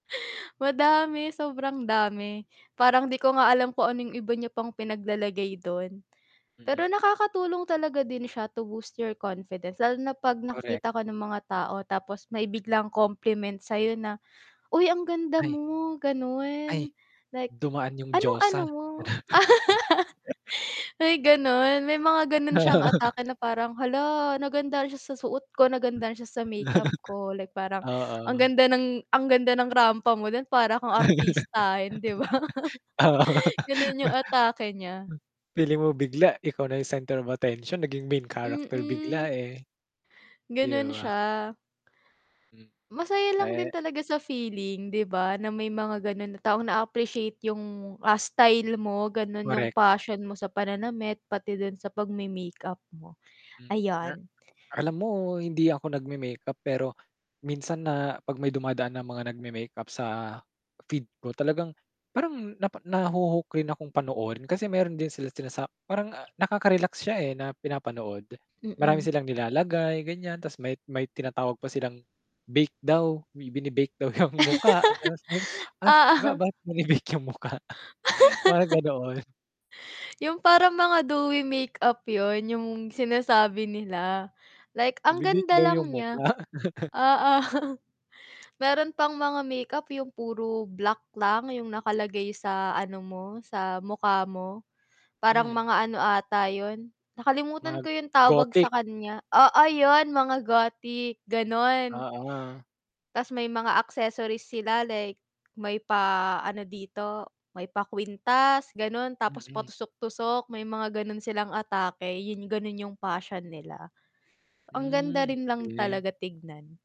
Madami, sobrang dami, parang di ko nga alam kung ano 'yung iba niya pang pinaglalagay dun, pero Mm. nakakatulong talaga din siya to boost your confidence lalo na 'pag Correct. nakikita ka ng mga tao tapos may biglang compliment sa'yo na, ''Uy, ang ganda Ay. mo'' Ay, ganun like, dumaan 'yung ''Anong ano diosa. mo?'' May ganun, may mga ganon siyang atake na parang, hala nagandahan siya sa suot ko, nagandahan siya sa make-up ko, like parang, ang Oo. ganda ng ang ganda ng rampa mo din, parang kang artistahin, 'di ba? Oo, Ganun pa yung atake nya. feeling mo bigla ikaw na 'yung center of attention naging main character bigla, Mm. eh. 'Di Ganun ba. siya. Hmm. Masaya lang din Eh. talaga sa feeling, 'di ba? Na may mga ganun na taong na-aappreciate 'yung, ah, style mo ganon, 'yung Correct. passion mo sa pananamit pati dun sa pag-me-make-up mo, Hmm, a ayan. alam mo hindi ako nag-me-makeup pero minsan na 'pag may dumadaan na mga nag-me-makeup sa feed ko, talagang, parang napa nahuhook rin akong panoorin, kasi meron din sila sila sa parang, nakaka-relax siya, eh, na pinapanood. Marami Mm. silang nilalagay ganyan, 'tas may may tinatawag pa silang bake daw, may binibake 'yang mukha [unintelligible] ha? ba Oo. ba't binebake 'yung mukha? Mga ganoon. 'Yung parang mga dewy make-up 'yun, 'yung sinasabi nila, like ang Ibebake ganda daw 'yung lang niya. mukha. Oo. Meron pang mga make-up 'yung puro black lang 'yung nakalagay sa ano mo, sa mukha mo, parang Hmm. mga ano ata 'yun, nakalimutan Mag ko 'yung tawag Gothic. sa kanya, oo 'yun, mga Gothic ganon. Oo. 'Tas may mga accessories sila like, may pa-ano dito, may pa kwintas ganon, tapos Mm. patusok-tusok may mga ganun silang atake, 'yun, ganun 'yung passion nila, ang Hmm, ganda rin lang okay. talaga tignan.